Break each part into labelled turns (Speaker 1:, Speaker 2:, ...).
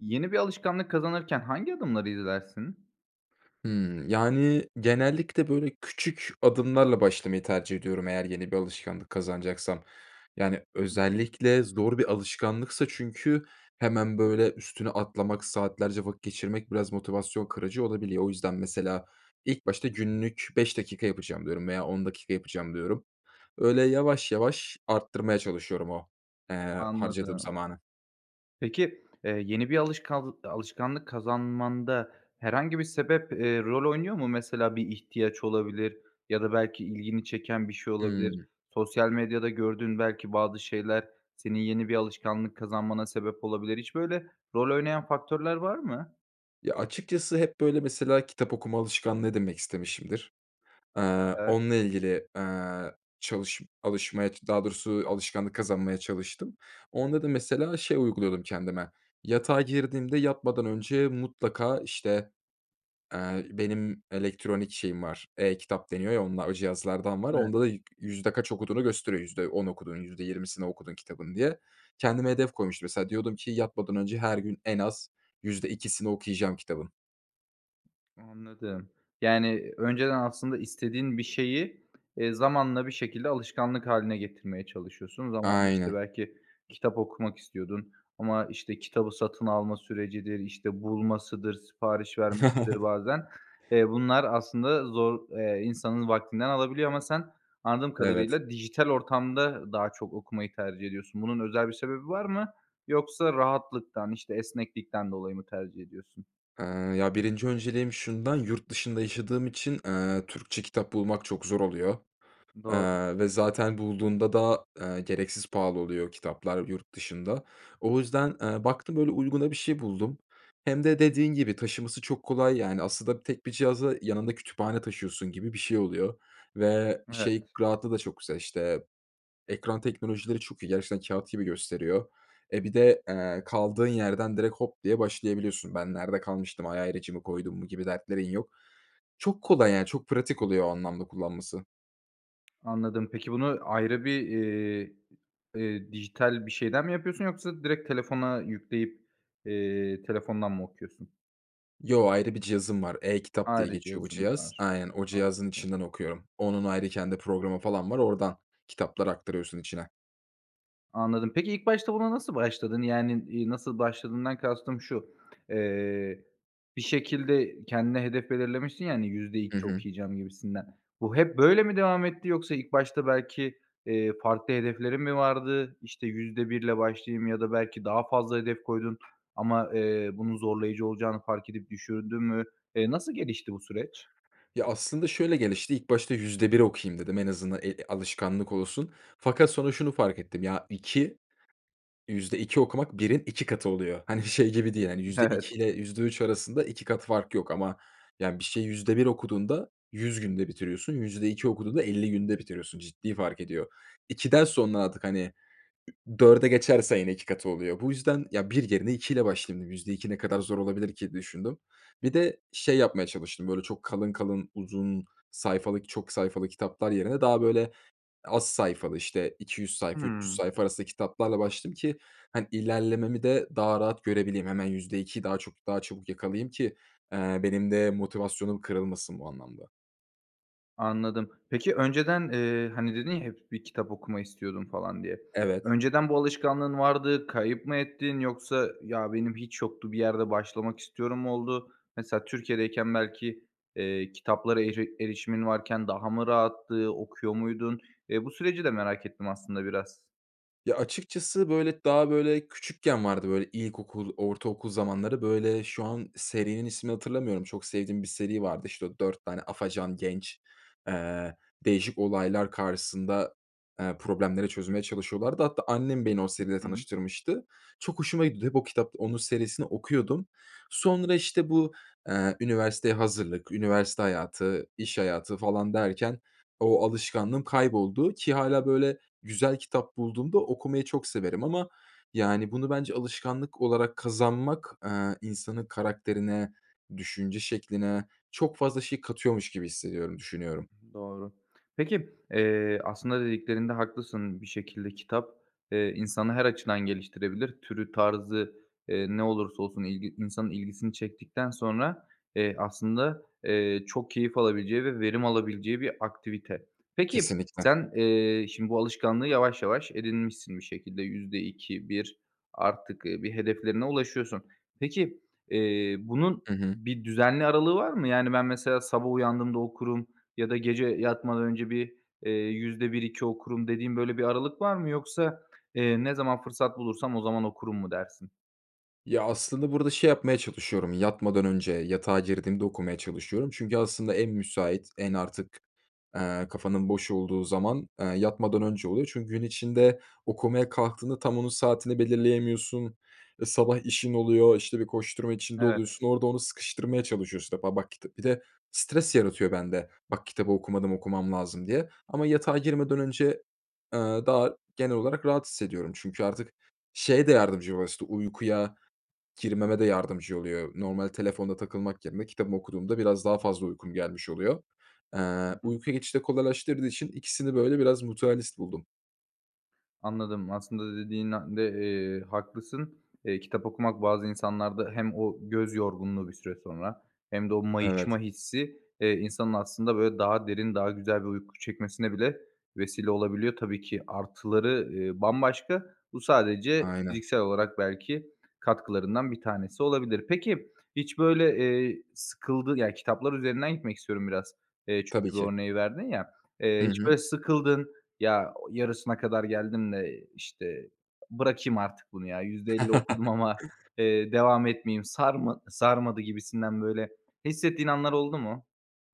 Speaker 1: Yeni bir alışkanlık kazanırken hangi adımları izlersin?
Speaker 2: Hımm. Yani, genellikle, böyle, küçük adımlarla başlamayı tercih ediyorum, eğer yeni bir alışkanlık kazanacaksam. Yani, özellikle zor bir alışkanlıksa çünkü hemen böyle üstüne atlamak, saatlerce vakit geçirmek biraz motivasyon kırıcı olabiliyor. O yüzden, mesela, ilk başta günlük 5 dakika yapacağım diyorum veya 10 dakika yapacağım diyorum. Öyle yavaş yavaş arttırmaya çalışıyorum o, eee, harcadığım
Speaker 1: Anladım.
Speaker 2: zamanı.
Speaker 1: Peki, eee, yeni bir alışkanl alışkanlık kazanmanda herhangi bir sebep, eee, rol oynuyor mu? Mesela, bir ihtiyaç olabilir ya da belki ilgini çeken bir şey olabilir.
Speaker 2: Hımm.
Speaker 1: Sosyal medyada gördüğün belki bazı şeyler senin yeni bir alışkanlık kazanmana sebep olabilir. Hiç böyle rol oynayan faktörler var mı?
Speaker 2: Ya, açıkçası hep, böyle, mesela, kitap okuma alışkanlığı edinmek istemişimdir. Eee,
Speaker 1: [unintelligible]
Speaker 2: onunla ilgili, eee, çalış alışmaya, daha doğrusu alışkanlık kazanmaya çalıştım. Onda da, mesela, şey uyguluyordum kendime. Yatağa girdiğimde, yatmadan önce mutlaka, işte, eee, benim elektronik şeyim var, e-kitap deniyor ya, onla o cihazlardan var.
Speaker 1: [unintelligible]
Speaker 2: Onda da yüzde kaç okuduğunu gösteriyor, %10 okudun, %20'sini okudun kitabın diye. Kendime hedef koymuştum, mesela, diyordum ki, yatmadan önce her gün en az %2'sini okuyacağım kitabın.
Speaker 1: Anladım. Yani, önceden aslında istediğin bir şeyi, eee, zamanla bir şekilde alışkanlık hâline getirmeye çalışıyorsun. Zamanla, işte,
Speaker 2: Aynen.
Speaker 1: belki kitap okumak istiyordun ama, işte, kitabı satın alma sürecidir, işte, bulmasıdır, sipariş vermesidir, bazen, eee, bunlar aslında zor. Eee, insanın vaktinden alabiliyor ama sen anladığım
Speaker 2: Evet.
Speaker 1: kadarıyla dijital ortamda daha çok okumayı tercih ediyorsun. Bunun özel bir sebebi var mı? Yoksa rahatlıktan, işte, esneklikten dolayı mı tercih ediyorsun?
Speaker 2: Iıı, ya, 1'nci önceliğim şundan: Yurt dışında yaşadığım için, ııı, Türkçe kitap bulmak çok zor oluyor,
Speaker 1: Doğru.
Speaker 2: ııı, ve zaten bulduğumda da, ııı, gereksiz pahalı oluyor, kitaplar yurt dışında. O yüzden, ııı, baktım öyle uyguna bir şey buldum. Hem de dediğin gibi taşıması çok kolay, yani, aslında tek bir cihaza yanında kütüphane taşıyorsun gibi bir şey oluyor ve şey,
Speaker 1: Evet.
Speaker 2: rahatlığı da çok güzel. İşte, ekran teknolojileri çok iyi. Gerçekten kâğıt gibi gösteriyor. E, bir de, eee, kaldığın yerden direkt hop diye başlayabiliyorsun. “Ben nerede kalmıştım, ay, ayracımı koydum mu?” gibi dertlerin yok. Çok kolay, yani. Çok pratik oluyor o anlamda kullanması.
Speaker 1: Anladım peki bunu ayrı bir, eee, eee, dijital bir şeyden mi yapıyorsun yoksa direkt telefona yükleyip, eee, telefondan mı okuyorsun?
Speaker 2: Yo, ayrı bir cihazım var, e-Kitap diye
Speaker 1: Ayrıca
Speaker 2: geçiyor bu
Speaker 1: cihazın
Speaker 2: cihaz.
Speaker 1: var.
Speaker 2: Aynen o cihazın
Speaker 1: Anladım.
Speaker 2: içinden okuyorum. Onun ayrı kendi programı falan var, oradan kitaplar aktarıyorsun içine.
Speaker 1: Anladım. Peki, ilk başta buna nasıl başladın? Yani, eee, nasıl başladığından kastım şu: Eee, bir şekilde kendine hedef belirlemişsin ya, hani, yüzde
Speaker 2: Hı
Speaker 1: iki
Speaker 2: hı.
Speaker 1: okuyacağım gibisinden. Bu hep böyle mi devam etti yoksa ilk başta belki, eee, farklı hedeflerin mi vardı? İşte %1 ile başlayayım ya da belki daha fazla hedef koydun ama, eee, bunun zorlayıcı olacağını fark edip düşürdün mü? Eee, nasıl gelişti bu süreç?
Speaker 2: Ya, aslında şöyle gelişti, ilk başta %1 okuyayım dedim. En azından, eee, alışkanlık olsun. Fakat sonra şunu fark ettim ya, 2, %2 okumak 1'in 2 katı oluyor. Hani, şey gibi değil. Hani, yüzde
Speaker 1: Evet.
Speaker 2: iki ile %3 arasında 2 kat fark yok ama yani bir şeyi %1 okuduğunda 100 günde bitiriyorsun, %2 okuduğunda 50 günde bitiriyorsun. Ciddi fark ediyor. 2'den sonra artık hani, ü 4'e geçerse yine 2 katı oluyor. Bu yüzden ya 1 yerine 2 ile başlayayım dedim. %2 ne kadar zor olabilir ki düşündüm. Bir de şey yapmaya çalıştım böyle çok kalın kalın, uzun sayfalık, çok sayfalı kitaplar yerine daha böyle az sayfalı işte 200 sayfa, 300
Speaker 1: Hıı.
Speaker 2: sayfa arasında kitaplarla başladım ki. Hani, ilerlememi de daha rahat görebileyim. Hemen %2'yi daha çok daha çabuk yakalayayım ki, eee, benim de motivasyonum kırılmasın bu anlamda.
Speaker 1: Anladım. Peki, önceden, eee, hani, dedin ya hep bir kitap okuma istiyordum falan diye.
Speaker 2: Evet.
Speaker 1: Önceden bu alışkanlığın vardı, kayıp mı ettin yoksa ya benim hiç yoktu bir yerde başlamak istiyorum mu oldu? Mesela Türkiye'deyken belki, eee, kitaplara eri erişimin varken daha mı rahattı, okuyor muydun? Eee, bu süreci de merak ettim aslında biraz.
Speaker 2: Ya, açıkçası böyle daha böyle küçükken vardı. Böyle ilkokul, ortaokul zamanları. Böyle şu an serinin ismini hatırlamıyorum. Çok sevdiğim bir seri vardı. İşte o 4 tane afacan genç, eee, değişik olaylar karşısında, eee, problemleri çözmeye çalışıyorlardı. Hatta annem beni o seriyle
Speaker 1: Hı hı.
Speaker 2: tanıştırmıştı. Çok hoşuma gitti. Hep o kitap onun serisini okuyordum. Sonra işte bu, eee, üniversiteye hazırlık, üniversite hayatı, iş hayatı falan derken o alışkanlığım kayboldu ki hâlâ böyle güzel kitap bulduğumda okumayı çok severim ama, yani, bunu bence alışkanlık olarak kazanmak, eee, insanın karakterine, düşünce şekline çok fazla şey katıyormuş gibi hissediyorum, düşünüyorum.
Speaker 1: I hı, doğru. Peki, eee, aslında dediklerinde haklısın bir şekilde kitap, eee, insanı her açıdan geliştirebilir, türü tarzı, eee, ne olursa olsun ilgi insanın ilgisini çektikten sonra, eee, aslında, eee, çok keyif alabileceği ve verim alabileceği bir aktivite. Peki,
Speaker 2: Kesinlikle.
Speaker 1: sen, eee, şimdi bu alışkanlığı yavaş yavaş edinmişsin bir şekilde %2-%1 artık, eee, bir hedeflerine ulaşıyorsun. Peki, eee, bunun
Speaker 2: Hı hı.
Speaker 1: bir düzenli aralığı var mı? Yani, ben mesela sabah uyandığımda okurum ya da gece yatmadan önce bir, eee, %1-%2 okurum dediğin böyle bir aralık var mı? Yoksa, eee, ne zaman fırsat bulursam o zaman okurum mu dersin?
Speaker 2: Ya, aslında burada şey yapmaya çalışıyorum yatmadan önce yatağa girdiğimde okumaya çalışıyorum. Çünkü aslında en müsait en artık, eee, kafanın boş olduğu zaman, eee, yatmadan önce oluyor. Çünkü gün içinde okumaya kalktığında tam onun saatini belirleyemiyorsun. Iıı, sabah işin oluyor, işte bir koşturma içinde
Speaker 1: Evet.
Speaker 2: oluyorsun. Orada onu sıkıştırmaya çalışıyorsun işte ba bak kita. Bir de stres yaratıyor bende bak kitabı okumadım okumam lazım diye. Ama yatağa girmeden önce, eee, daha genel olarak rahat hissediyorum. Çünkü artık şeye de yardımcı [unintelligible] işte uykuya girmeme de yardımcı oluyor. Normal telefonda takılmak yerine kitabımı okuduğumda biraz daha fazla uykum gelmiş oluyor. Eee,
Speaker 1: Hı hı.
Speaker 2: uykuya geçişi de kolaylaştırdığı için ikisini böyle biraz mutualist buldum.
Speaker 1: Anladım, aslında da dediğin de, eee, haklısın. Eee, kitap okumak bazı insanlarda hem o göz yorgunluğu bir süre sonra hem de o mayışma
Speaker 2: Evet.
Speaker 1: hissi, eee, insanın aslında, böyle, daha derin, daha güzel bir uyku çekmesine bile vesile olabiliyor. Tabii ki artıları, eee, bambaşka, bu sadece
Speaker 2: Aynen.
Speaker 1: fiziksel olarak belki katkılarından bir tanesi olabilir. Peki, hiç böyle, eee, sıkıldı ya, kitaplar üzerinden gitmek istiyorum biraz, eee,
Speaker 2: Tabii
Speaker 1: çünkü bu
Speaker 2: ki.
Speaker 1: örneği verdin ya, eee,
Speaker 2: Hı
Speaker 1: hiç
Speaker 2: hı.
Speaker 1: böyle sıkıldın, ya, o yarısına kadar geldim de, işte, bırakayım artık bunu, ya, %50 okudum ama, eee, devam etmeyeyim, sarma sarmadı gibisinden, böyle, hissettiğin anlar oldu mu?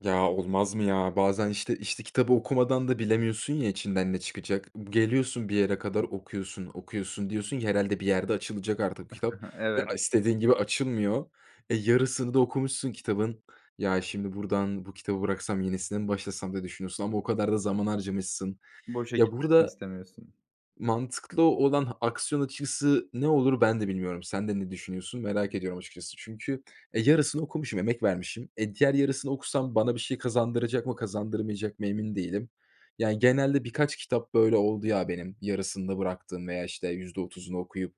Speaker 2: Ya, olmaz mı ya? Bazen, işte işte, kitabı okumadan da bilemiyorsun, ya, içinden ne çıkacak? B geliyorsun bir yere kadar okuyorsun, okuyorsun, diyorsun ki herhâlde bir yerde açılacak artık bu kitap ve,
Speaker 1: Evet.
Speaker 2: a istediğin gibi açılmıyor. E, yarısını da okumuşsun kitabın, ya, şimdi buradan bu kitabı bıraksam yenisine mi başlasam diye düşünüyorsun ama o kadar da zaman harcamışsın.
Speaker 1: Boşa
Speaker 2: Ya,
Speaker 1: gitmesini
Speaker 2: burada
Speaker 1: istemiyorsun.
Speaker 2: mantıklı olan aksiyon açıkçası ne olur, ben de bilmiyorum. Sen de ne düşünüyorsun, merak ediyorum açıkçası. Çünkü, e, yarısını okumuşum, emek vermişim. E, diğer yarısını okusam bana bir şey kazandıracak mı, kazandırmayacak mı, emin değilim. Yani, genelde birkaç kitap böyle oldu, ya, benim, yarısında bıraktığım veya, işte, %30'unu okuyup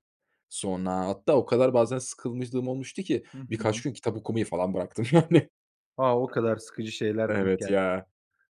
Speaker 2: sonra, hatta o kadar bazen sıkılmışlığım olmuştu ki
Speaker 1: Hı
Speaker 2: birkaç
Speaker 1: hı.
Speaker 2: gün kitap okumayı falan bıraktım, yani.
Speaker 1: A, o kadar sıkıcı şeyler denk
Speaker 2: Evet, ya.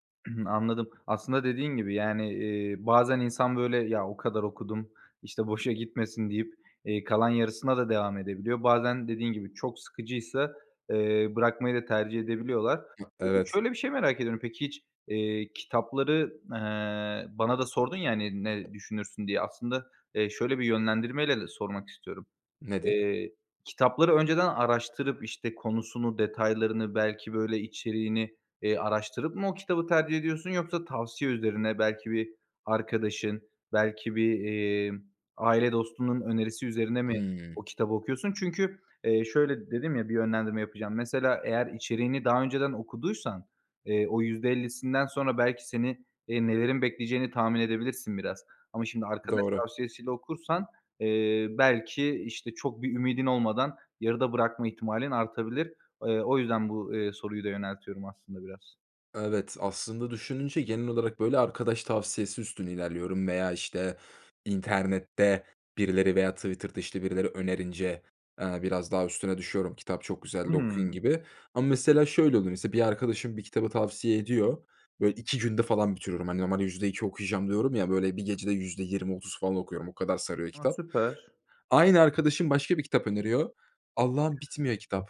Speaker 1: geldi. Anladım. Aslında dediğin gibi, yani, eee, bazen insan, böyle, ya, o kadar okudum, işte, boşa gitmesin deyip, eee, kalan yarısına da devam edebiliyor. Bazen dediğin gibi çok sıkıcıysa, eee, bırakmayı da tercih edebiliyorlar.
Speaker 2: Ma
Speaker 1: Eee,
Speaker 2: Evet.
Speaker 1: şöyle bir şey merak ediyorum. Peki, hiç, eee, kitapları, eee, bana da sordun, ya, hani, ne düşünürsün diye. Aslında, eee, şöyle bir yönlendirmeyle de sormak istiyorum.
Speaker 2: Nedir?
Speaker 1: Eee, kitapları önceden araştırıp, işte, konusunu, detaylarını, belki, böyle, içeriğini, eee, araştırıp mı o kitabı tercih ediyorsun yoksa tavsiye üzerine, belki bir arkadaşın, belki bir, emm, aile dostunun önerisi üzerine mi
Speaker 2: Imm.
Speaker 1: o kitabı okuyorsun? Çünkü, eee, şöyle dedim, ya, bir yönlendirme yapacağım. Mesela, eğer içeriğini daha önceden okuduysan, eee, o %50'sinden sonra belki seni, eee, nelerin bekleyeceğini tahmin edebilirsin biraz. Ama şimdi arkadaş
Speaker 2: Doğru.
Speaker 1: tavsiyesiyle okursan, eee, belki, işte, çok bir ümidin olmadan yarıda bırakma ihtimalin artabilir. Eee, o yüzden bu, eee, soruyu da yöneltiyorum aslında biraz.
Speaker 2: Evet, aslında düşününce genel olarak, böyle, arkadaş tavsiyesi üstüne ilerliyorum veya, işte, internette birileri veya Twitter’da, işte, birileri önerince, eee, biraz daha üstüne düşüyorum, "Kitap çok güzeldi, okuyun."
Speaker 1: Hımm.
Speaker 2: gibi ama, mesela, şöyle oluyor. Mesela, bir arkadaşım bir kitabı tavsiye ediyor. Böyle 2 günde falan bitiriyorum. Hani, normalde %2 okuyacağım diyorum ya, böyle, bir gecede %20-30 falan okuyorum. O kadar sarıyor
Speaker 1: A,
Speaker 2: kitap.
Speaker 1: süper.
Speaker 2: Aynı arkadaşım başka bir kitap öneriyor. Allah’ım, bitmiyor kitap.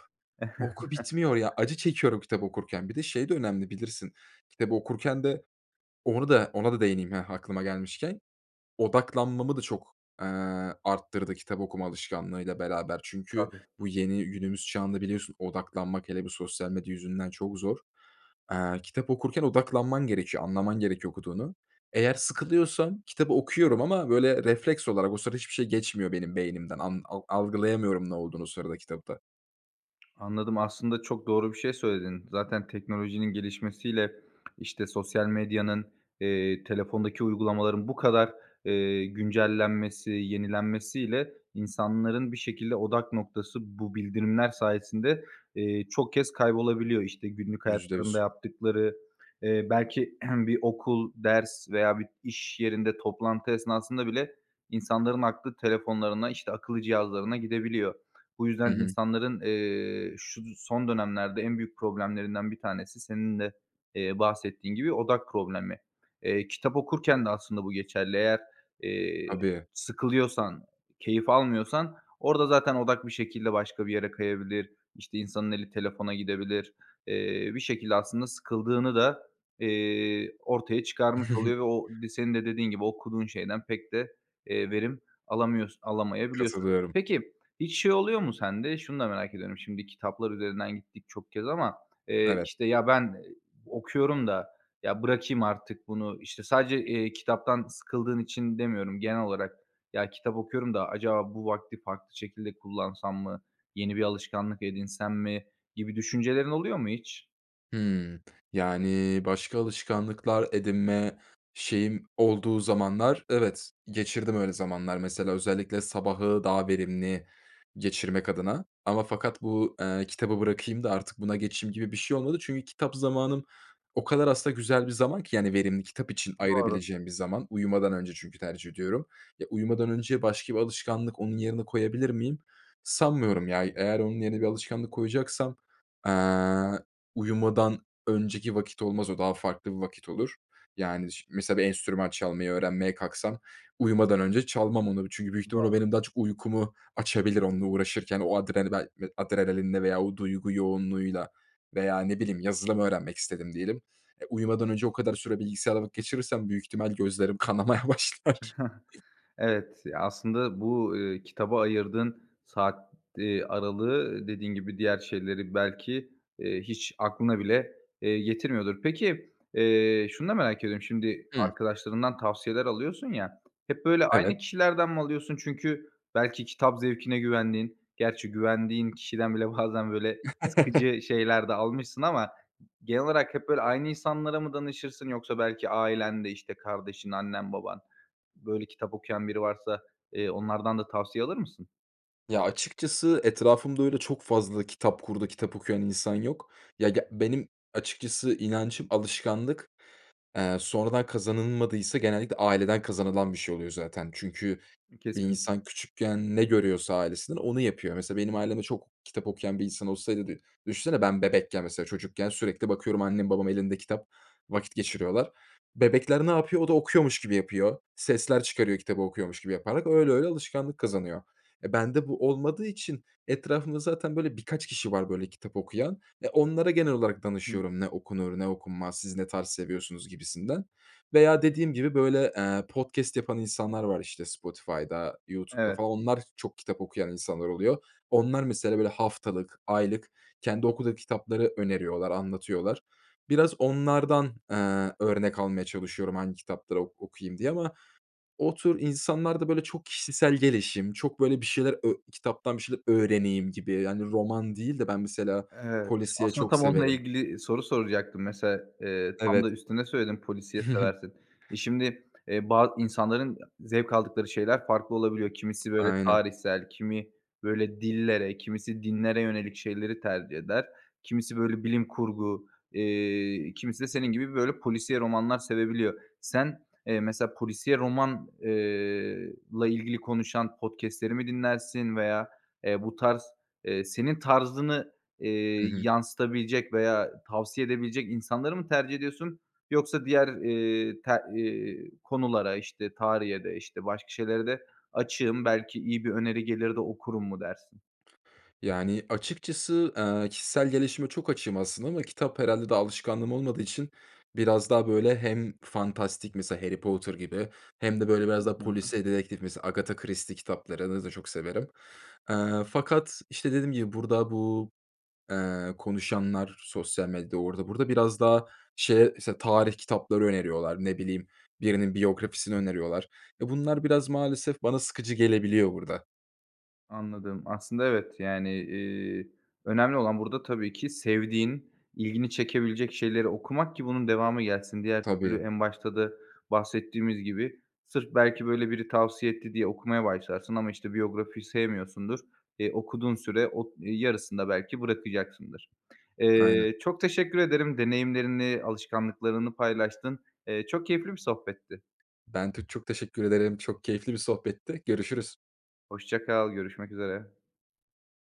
Speaker 2: Oku, bitmiyor ya. Acı çekiyorum kitabı okurken. Bir de şey de önemli, bilirsin, kitabı okurken de Onu da ona da değineyim, heh, aklıma gelmişken. Odaklanmamı da çok, eee, arttırdı kitap okuma alışkanlığıyla beraber. Çünkü
Speaker 1: Tabii.
Speaker 2: bu yeni günümüz çağında biliyorsun odaklanmak, hele bir sosyal medya yüzünden, çok zor. Aaa, kitap okurken odaklanman gerekiyor, anlaman gerekiyor okuduğunu. Eğer sıkılıyorsam kitabı okuyorum ama, böyle, refleks olarak o sırada hiçbir şey geçmiyor benim beynimden. An al algılayamıyorum ne olduğunu o sırada kitapta.
Speaker 1: Anladım, aslında çok doğru bir şey söyledin. Zaten teknolojinin gelişmesiyle, işte, sosyal medyanın, eee, telefondaki uygulamaların bu kadar, eee, güncellenmesi, yenilenmesiyle insanların bir şekilde odak noktası bu bildirimler sayesinde, eee, çok kez kaybolabiliyor. İşte, günlük
Speaker 2: Yüzde
Speaker 1: hayatlarında
Speaker 2: yüz.
Speaker 1: yaptıkları, eee, belki bir okul, ders veya bir işyerinde toplantı esnasında bile insanların aklı telefonlarına, işte, akıllı cihazlarına gidebiliyor. Bu
Speaker 2: Hı
Speaker 1: yüzden
Speaker 2: hı.
Speaker 1: insanların, eee, şu d son dönemlerde en büyük problemlerinden bir tanesi, senin de, eee, bahsettiğin gibi, odak problemi. Eee, kitap okurken de aslında bu geçerli. Eğer, eee,
Speaker 2: Tabii.
Speaker 1: sıkılıyorsan, keyif almıyorsan orada zaten odak bir şekilde başka bir yere kayabilir. İşte, insanın eli telefona gidebilir. Eee, bir şekilde aslında sıkıldığını da, eee, ortaya çıkarmış oluyor ve o di senin de dediğin gibi, okuduğun şeyden pek de, eee, verim alamıyors alamayabiliyorsun.
Speaker 2: Katılıyorum.
Speaker 1: Peki, hiç şey oluyor mu sende? Şunu da merak ediyorum. Şimdi, kitaplar üzerinden gittik çok kez ama, eee,
Speaker 2: Evet.
Speaker 1: işte, ya, ben ı okuyorum da, ya, bırakayım artık bunu, işte, sadece, eee, kitaptan sıkıldığın için demiyorum genel olarak. Ya, kitap okuyorum da acaba bu vakti farklı şekilde kullansam mı, yeni bir alışkanlık edinsem mi gibi düşüncelerin oluyor mu hiç?
Speaker 2: Hımm. Yani, başka alışkanlıklar edinme şeyim olduğu zamanlar, evet, geçirdim öyle zamanlar. Mesela, özellikle sabahı daha verimli geçirmek adına ama fakat bu, eee, kitabı bırakayım da artık buna geçeyim gibi bir şey olmadı. Çünkü kitap zamanım o kadar aslında güzel bir zaman ki, yani, verimli, kitap için
Speaker 1: Doğru.
Speaker 2: ayırabileceğim bir zaman. Uyumadan önce çünkü tercih ediyorum. Ya, uyumadan önce başka bir alışkanlık onun yerine koyabilir miyim? Sanmıyorum, ya. Eğer onun yerine bir alışkanlık koyacaksam, eee, uyumadan önceki vakit olmaz. O daha farklı bir vakit olur. Yani, şi mesela, bir enstrüman çalmayı öğrenmeye kalksam, uyumadan önce çalmam onu çünkü büyük ihtimal o
Speaker 1: Doğru.
Speaker 2: benim daha çok uykumu açabilir onunla uğraşırken. O adren bel adrenalinle veya o duygu yoğunluğuyla veya, ne bileyim, yazılım öğrenmek istedim diyelim. E, uyumadan önce o kadar süre bilgisayarda vakit geçirirsem büyük ihtimal gözlerim kanamaya başlar.
Speaker 1: Evet. Ya, aslında bu, ııı, kitaba ayırdığın saat, eee, aralığı, dediğin gibi, diğer şeyleri belki, eee, hiç aklına bile, eee, getirmiyordur. Peki, eee, şunu da merak ediyorum, şimdi
Speaker 2: Hı.
Speaker 1: arkadaşlarından tavsiyeler alıyorsun ya, hep böyle aynı
Speaker 2: Evet.
Speaker 1: kişilerden mi alıyorsun? Çünkü belki kitap zevkine güvendiğin, gerçi güvendiğin kişiden bile bazen, böyle, sıkıcı şeyler de almışsın ama g genel olarak hep böyle aynı insanlara mı danışırsın yoksa belki ailende, işte, kardeşin, annen, baban, böyle, kitap okuyan biri varsa, eee, onlardan da tavsiye alır mısın?
Speaker 2: Ya, açıkçası, etrafımda, öyle çok fazla kitap kurdu, kitap okuyan insan yok. Ya, ge benim, açıkçası, inancım alışkanlık, eee, sonradan kazanılmadıysa, genellikle, aileden kazanılan bir şey oluyor, zaten. Çünkü bir
Speaker 1: Kesin.
Speaker 2: insan küçükken ne görüyorsa ailesinden onu yapıyor. Mesela, benim ailemde çok kitap okuyan bir insan olsaydı dü düşünsene ben bebekken, mesela, çocukken sürekli bakıyorum, annem babam elinde kitap vakit geçiriyorlar. Bebekler ne yapıyor? O da okuyormuş gibi yapıyor, sesler çıkarıyor kitabı okuyormuş gibi yaparak. Öyle öyle alışkanlık kazanıyor. E, bende bu olmadığı için etrafımda zaten böyle birkaç kişi var böyle kitap okuyan. E, onlara genel olarak
Speaker 1: Hı hı.
Speaker 2: danışıyorum, ne okunur ne okunmaz, siz ne tarz seviyorsunuz, gibisinden. Veya dediğim gibi böyle, eee, podcast yapan insanlar var, işte, Spotify'da, YouTube'da
Speaker 1: Evet.
Speaker 2: falan. Onlar, çok kitap okuyan insanlar oluyor. Onlar, mesela, böyle, haftalık, aylık kendi okuduğu kitapları öneriyorlar, anlatıyorlar. Biraz onlardan, eee, örnek almaya çalışıyorum, hangi kitapları ok okuyayım diye. Ama o tür insanlar da böyle çok kişisel gelişim, çok böyle bir şeyler ö kitaptan bir şeyler öğreneyim gibi. Yani, roman değil de ben, mesela,
Speaker 1: Evet,
Speaker 2: polisiye
Speaker 1: aslında,
Speaker 2: çok
Speaker 1: tam onunla
Speaker 2: severim.
Speaker 1: ilgili, eee, soru soracaktım, mesela. Eee, tam
Speaker 2: Evet.
Speaker 1: da üstüne söyledim, polisiye seversin. E, şimdi, eee, ba insanların zevk aldıkları şeyler farklı olabiliyor. Kimisi böyle
Speaker 2: Aynen.
Speaker 1: tarihsel, kimi böyle dillere, kimisi dinlere yönelik şeyleri tercih eder. Kimisi böyle bilim kurgu, eee, kimisi de senin gibi böyle polisiye romanlar sevebiliyor. Sen, eee, mesela, polisiye roman eee, la ilgili konuşan podcast'leri mi dinlersin veya, eee, bu tarz, eee, senin tarzını, eee,
Speaker 2: Hı hı.
Speaker 1: yansıtabilecek veya tavsiye edebilecek insanları mı tercih ediyorsun yoksa diğer, eee, te eee, konulara, işte, tarihe de, işte, başka şeylere de açığım, belki iyi bir öneri gelir de okurum mu dersin?
Speaker 2: Yani, açıkçası, eee, kişisel gelişime çok açığım, aslında, ama kitap, herhâlde, daha alışkanlığım olmadığı için biraz daha böyle hem fantastik, mesela Harry Potter gibi hem de böyle biraz
Speaker 1: Hı.
Speaker 2: daha
Speaker 1: Hı hı.
Speaker 2: polisiye dedektif, mesela Agatha Christie kitaplarını da çok severim. Eee, fakat, işte, dediğim gibi burada bu, eee, konuşanlar, sosyal medyada, orada burada, biraz daha, şeye, mesela, tarih kitapları öneriyorlar. Ne bileyim, birinin biyografisini öneriyorlar. E, bunlar, biraz maalesef, bana sıkıcı gelebiliyor burada.
Speaker 1: Anladım, aslında, evet, yani, eee, önemli olan burada, tabii ki, sevdiğin, ilgini çekebilecek şeyleri okumak ki bunun devamı gelsin. Diğer türlü,
Speaker 2: Tabii.
Speaker 1: en başta da bahsettiğimiz gibi, sırf belki böyle biri tavsiye etti diye okumaya başlarsın ama, işte, biyografiyi sevmiyorsundur. Eee, okuduğun süre o ııı, yarısında belki bırakacaksındır.
Speaker 2: Aynen.
Speaker 1: Eee, çok teşekkür ederim deneyimlerini, alışkanlıklarını paylaştın. Eee, çok keyifli bir sohbetti.
Speaker 2: Ben tü çok teşekkür ederim. Çok keyifli bir sohbetti. Görüşürüz.
Speaker 1: Hoşça kal, görüşmek üzere.